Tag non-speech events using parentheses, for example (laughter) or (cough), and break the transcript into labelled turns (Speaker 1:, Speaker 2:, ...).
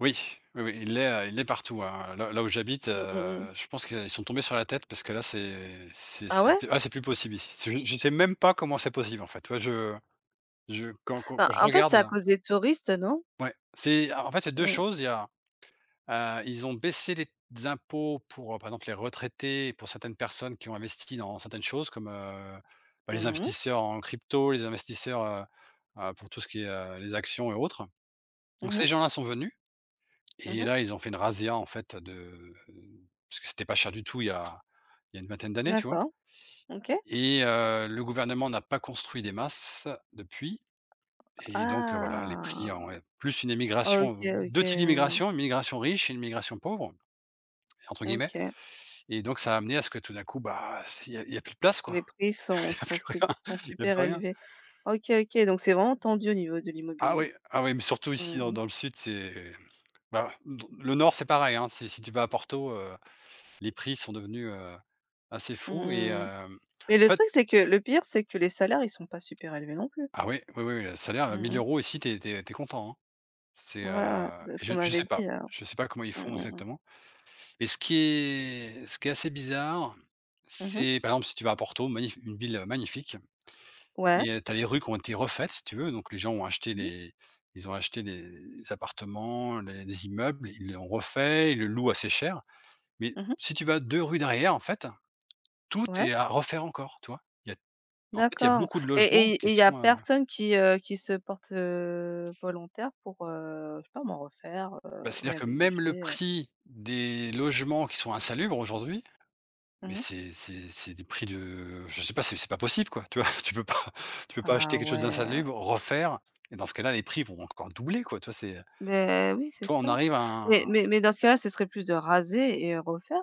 Speaker 1: Oui. Oui, oui, il est, heu, il est partout, hein. Là là où j'habite,
Speaker 2: Mmh mh, mmh.
Speaker 1: heu, je pense qu'ils sont tombés sur la tête parce que là, c'est c'est
Speaker 2: Ah
Speaker 1: c'est
Speaker 2: ouais?
Speaker 1: t ah, c'est plus possible ici. C'est u je sais même pas comment c'est possible, en fait. Tu vois je je quand quand
Speaker 2: Bah,
Speaker 1: quand je
Speaker 2: en fait,
Speaker 1: regarde
Speaker 2: c'est à
Speaker 1: là.
Speaker 2: cause des touristes, non?
Speaker 1: Ouais. C'est en en fait, il y a 2
Speaker 2: Mmh.
Speaker 1: choses, il y a, heu, ils ont baissé les t impôts pour, par exemple, les retraités et pour certaines personnes qui ont investi dans certaines choses comme, heu, bah, les
Speaker 2: Mmh mh.
Speaker 1: investisseurs en crypto, les investisseurs, heu, heu, pour tout ce qui est, heu, les actions et autres. Donc
Speaker 2: Mmh
Speaker 1: ces
Speaker 2: mh.
Speaker 1: gens-là sont venus,
Speaker 2: Mmh
Speaker 1: et
Speaker 2: mh.
Speaker 1: là, ils ont fait une razzia, en fait, de parce que c'était pas cher du tout, il y a il y a une vingtaine d'années, tu vois.
Speaker 2: D'accord, OK.
Speaker 1: Et heu, le gouvernement n'a pas construit des masses, depuis.
Speaker 2: A
Speaker 1: Et donc, heu, voilà, les prix ont
Speaker 2: ah.
Speaker 1: plus une
Speaker 2: OK
Speaker 1: émigration 2 types
Speaker 2: OK.
Speaker 1: d'immigration, une migration «riche» et une migration «pauvre», entre guillemets.
Speaker 2: OK.
Speaker 1: Et donc ça a amené à ce que tout d'un coup, bah, ce q il y a, il y a plus de place quoi.
Speaker 2: Les prix sont
Speaker 1: Il y a
Speaker 2: sont
Speaker 1: plus
Speaker 2: sup
Speaker 1: rien,
Speaker 2: sont
Speaker 1: il y a
Speaker 2: super
Speaker 1: plus rien.
Speaker 2: élevés. OK, OK donc, c'est vraiment tendu au niveau de
Speaker 1: Ah
Speaker 2: l'immobilier.
Speaker 1: oui, ah oui, mais surtout
Speaker 2: Mmh
Speaker 1: ici dans
Speaker 2: mh.
Speaker 1: dans le sud, c'est bah, l l le nord, c'est pareil, hein. Si si tu vas à Porto, heu, les prix sont devenus, heu, assez
Speaker 2: Mmh
Speaker 1: fous et heu,
Speaker 2: mh, mmh. Et
Speaker 1: en
Speaker 2: le
Speaker 1: fait
Speaker 2: truc c'est que le pire, c'est que les salaires ils sont pas super élevés non plus.
Speaker 1: Ah oui. Oui, oui, oui, le
Speaker 2: Mmh
Speaker 1: salaire mille
Speaker 2: mh.
Speaker 1: euros ici, tu es tu es tu es content, hein. C'est,
Speaker 2: Ouais, ouais,
Speaker 1: heu,
Speaker 2: c'est ce
Speaker 1: je
Speaker 2: qu'on
Speaker 1: je
Speaker 2: m'avait
Speaker 1: sais
Speaker 2: dit,
Speaker 1: pas.
Speaker 2: alors.
Speaker 1: Je sais pas comment ils
Speaker 2: Mmh
Speaker 1: font
Speaker 2: mh, mmh.
Speaker 1: exactement. Et ce qui est ce qui est assez bizarre,
Speaker 2: Mmh mh.
Speaker 1: c'est, par exemple, si tu vas à Porto, magnif une ville magnifique,
Speaker 2: Ouais.
Speaker 1: et tu as les rues qui ont été refaites, si tu veux, donc les gens ont acheté
Speaker 2: Mmh mh.
Speaker 1: les ils ont acheté les les appartements, les les immeubles, ils l'ont refait, ils le louent assez cher. Mais
Speaker 2: Mmh mh.
Speaker 1: si tu vas 2 rues derrière, en fait, tout
Speaker 2: Ouais.
Speaker 1: est à refaire encore, tu vois. Il y a en fait, il y a
Speaker 2: D'accord.
Speaker 1: beaucoup de
Speaker 2: Et et
Speaker 1: logements
Speaker 2: et
Speaker 1: qui
Speaker 2: il y a
Speaker 1: sont, heu
Speaker 2: personne qui, heu, qui se porte, heu, volontaire pour, heu, je sais pas moi, refaire, heu,
Speaker 1: Bah, c'est-à-dire que même le
Speaker 2: réhabiliter, heu?
Speaker 1: prix des logements qui sont insalubres aujourd'hui, mais
Speaker 2: Mmh.
Speaker 1: c'est c'est c'est des prix de je sais pas, c'est c'est pas possible, quoi, tu vois? (chuckles) Tu peux pas (chuckles) tu peux pas
Speaker 2: Ah
Speaker 1: acheter quelque chose
Speaker 2: ouais!
Speaker 1: d'insalubre, refaire et dans ce cas-là, les prix vont encore doubler, quoi, tu vois, c'est
Speaker 2: Mais, oui, c'est
Speaker 1: tu vois, on
Speaker 2: ça.
Speaker 1: arrive à
Speaker 2: Mais
Speaker 1: un
Speaker 2: mais mais dans ce cas-là, ce serait plus de raser et refaire.